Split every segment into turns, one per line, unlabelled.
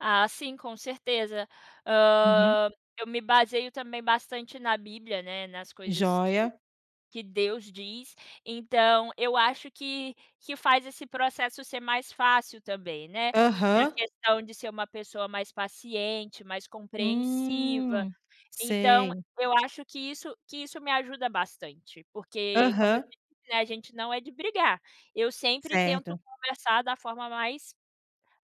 Ah, sim, com certeza.
Uhum.
Hã, eu me baseio também bastante na Bíblia, né, nas coisas que
Joia.
que Deus diz. Então, eu acho que que faz esse processo ser mais fácil também, né. Na
Aham.
questão de ser uma pessoa mais paciente, mais compreensiva.
Hum.
Então,
Sei.
eu acho que isso que isso me ajuda bastante, porque, como eu
Aham.
te disse, né, a gente não é de brigar. Eu sempre tento
Certo.
conversar da forma mais,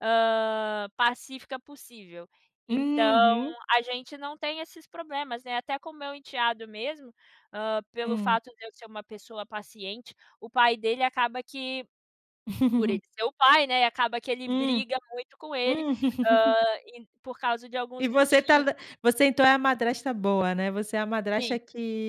hã, pacífica possível. Então,
Uhum.
a gente não tem esses problemas, né. Até com o meu enteado mesmo, hã, pelo
Hum.
fato de eu ser uma pessoa paciente o pai dele acaba que por ele ser o pai, né, acaba que ele
Hum.
briga muito com ele,
Hum.
hã, por causa de
E
alguns
você tá
motivos.
ve você então é a madrasta boa, né. Você é a
Sim,
madrasta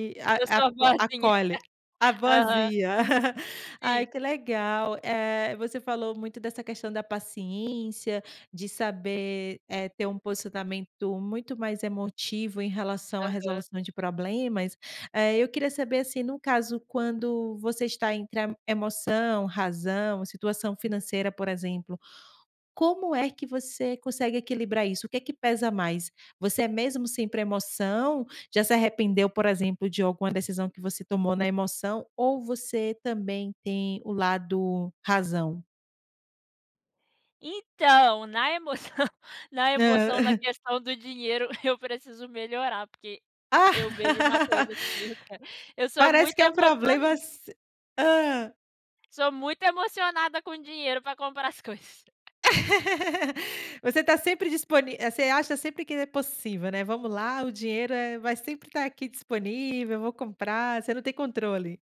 uhum.
a
Eu
a
sou a
co
boazinha.
acolhe. A
Aham.
boazinha. Ai,
Sim.
que legal. Eh, você falou muito dessa questão da paciência, de saber, eh, ter um posicionamento muito mais emotivo em relação à
Aham.
resolução de problemas, eh, eu queria saber, assim, no caso quando você está entre a emoção, razão, situação financeira, por exemplo. Como é que você consegue equilibrar isso? O que que pesa mais? Você é mesmo sempre emoção? Já se arrependeu, por exemplo, de alguma decisão que você tomou na emoção, ou você também tem o lado razão?
Então, na emoção na
Hã.
emoção, na questão do dinheiro, eu preciso melhorar, porque eu vejo uma
Ah!
coisa assim, eu quero. Eu sou
Parece
muito
que é um
emocio
problema se hã.
Sou muito emocionada com dinheiro pra comprar as coisas.
Você
E
tá sempre disponi eh, você acha sempre que é possível, né. "Vamos lá, o dinheiro, eh, vai sempre estar aqui disponível, eu vou comprar", você não tem controle.